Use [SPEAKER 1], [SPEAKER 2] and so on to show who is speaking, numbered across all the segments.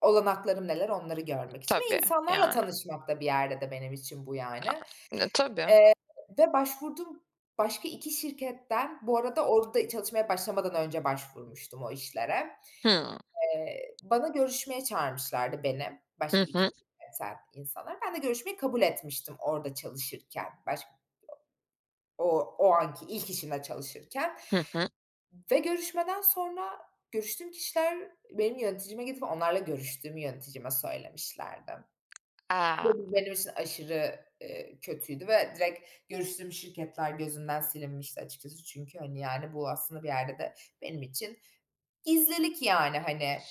[SPEAKER 1] Olanaklarım neler, onları görmek için ve
[SPEAKER 2] Tabii,
[SPEAKER 1] insanlarla
[SPEAKER 2] yani.
[SPEAKER 1] tanışmak da bir yerde de benim için bu yani,
[SPEAKER 2] Yani, [unintelligible] tabii.
[SPEAKER 1] eee, ve başvurduğum başka 2 şirketten, -bu arada orada çalışmaya başlamadan önce başvurmuştum o işlere
[SPEAKER 2] Hımm.
[SPEAKER 1] eee, bana görüşmeye çağırmışlardı beni
[SPEAKER 2] Hı
[SPEAKER 1] başka 2
[SPEAKER 2] hı.
[SPEAKER 1] [unintelligible] insanlar. Ben de görüşmeyi kabul etmiştim orada çalışırken başk o o anki ilk işimde çalışırken
[SPEAKER 2] Hı hı.
[SPEAKER 1] ve görüşmeden sonra görüştüğüm kişiler benim yöneticime gidip onlarla görüştüğümü yöneticime söylemişlerdi.
[SPEAKER 2] A!
[SPEAKER 1] Bu benim için aşırı, eee, kötüydü ve direkt görüştüğüm şirketler gözünden silinmişti açıkçası çünkü hani, yani, bu aslında bir yerde de benim için gizlilik yani, hani,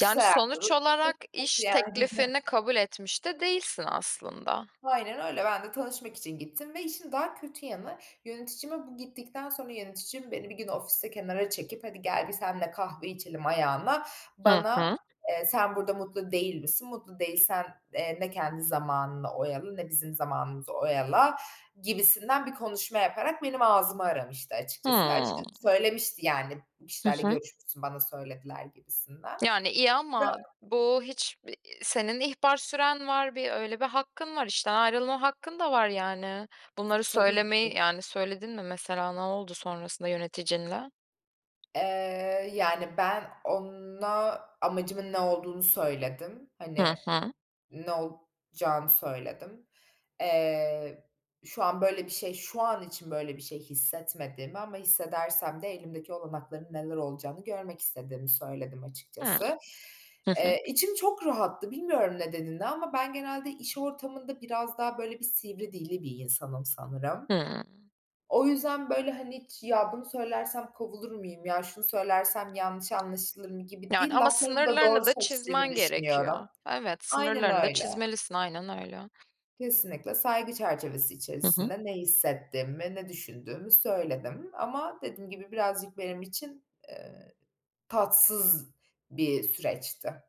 [SPEAKER 2] Yani sonuç olarak iş
[SPEAKER 1] yani.
[SPEAKER 2] teklifini kabul etmiş de değilsin aslında.
[SPEAKER 1] Aynen öyle, ben de tanışmak için gittim ve işin daha kötü yanı yöneticime bu gittikten sonra yöneticim beni bir gün ofiste kenara çekip "Hadi gel bir seninle kahve içelim." ayağına
[SPEAKER 2] Hı
[SPEAKER 1] bana,
[SPEAKER 2] hı.
[SPEAKER 1] eee, "Sen burada mutlu değil misin? Mutlu değilsen, eee, ne kendi zamanını oyala ne bizim zamanımızı oyala." gibisinden bir konuşma yaparak benim ağzımı aramıştı açıkçası ve
[SPEAKER 2] Hımm.
[SPEAKER 1] açıkçası söylemişti yani, "Bu
[SPEAKER 2] Hı
[SPEAKER 1] kişilerle
[SPEAKER 2] hı.
[SPEAKER 1] görüşmüşsün, bana söylediler." gibisinden.
[SPEAKER 2] Yani iyi ama
[SPEAKER 1] [unintelligible]
[SPEAKER 2] bu hiç, ııı, senin ihbar süren var, bir öyle bir hakkın var, işten ayrılma hakkın da var yani, bunları
[SPEAKER 1] Tabii ki.
[SPEAKER 2] söylemeyi, yani, söyledin mi mesela, ne oldu sonrasında yöneticinle?
[SPEAKER 1] Eee, yani, ben ona amacımın ne olduğunu söyledim. Hani
[SPEAKER 2] Hı hı.
[SPEAKER 1] ne olacağını söyledim. Eee, şu an böyle bir şey şu an için böyle bir şey hissetmediğimi ama hissedersem de elimdeki olanakların neler olacağını görmek istediğimi söyledim
[SPEAKER 2] Hımm.
[SPEAKER 1] açıkçası.
[SPEAKER 2] Hı hı.
[SPEAKER 1] Eee, içim çok rahattı, bilmiyorum nedenini ama ben genelde iş ortamında biraz daha böyle bir sivri dilli bir insanım sanırım.
[SPEAKER 2] Hımm.
[SPEAKER 1] O yüzden böyle hani hiç "Ya, bunu söylersem kovulur muyum? Ya, şunu söylersem yanlış anlaşılır mı?" gibi
[SPEAKER 2] Yani
[SPEAKER 1] değil.
[SPEAKER 2] ama
[SPEAKER 1] Laflarımı da doğru
[SPEAKER 2] sınırlarını da
[SPEAKER 1] seçtiğimi
[SPEAKER 2] çizmen
[SPEAKER 1] düşünüyorum
[SPEAKER 2] gerekiyor. Evet,
[SPEAKER 1] Aynen
[SPEAKER 2] sınırlarını da
[SPEAKER 1] öyle.
[SPEAKER 2] çizmelisin, aynen öyle.
[SPEAKER 1] Kesinlikle saygı çerçevesi
[SPEAKER 2] Hı hı.
[SPEAKER 1] içerisinde ne hissettiğimi, ne düşündüğümü söyledim ama dediğim gibi birazcık benim için, eee, tatsız bir süreçti.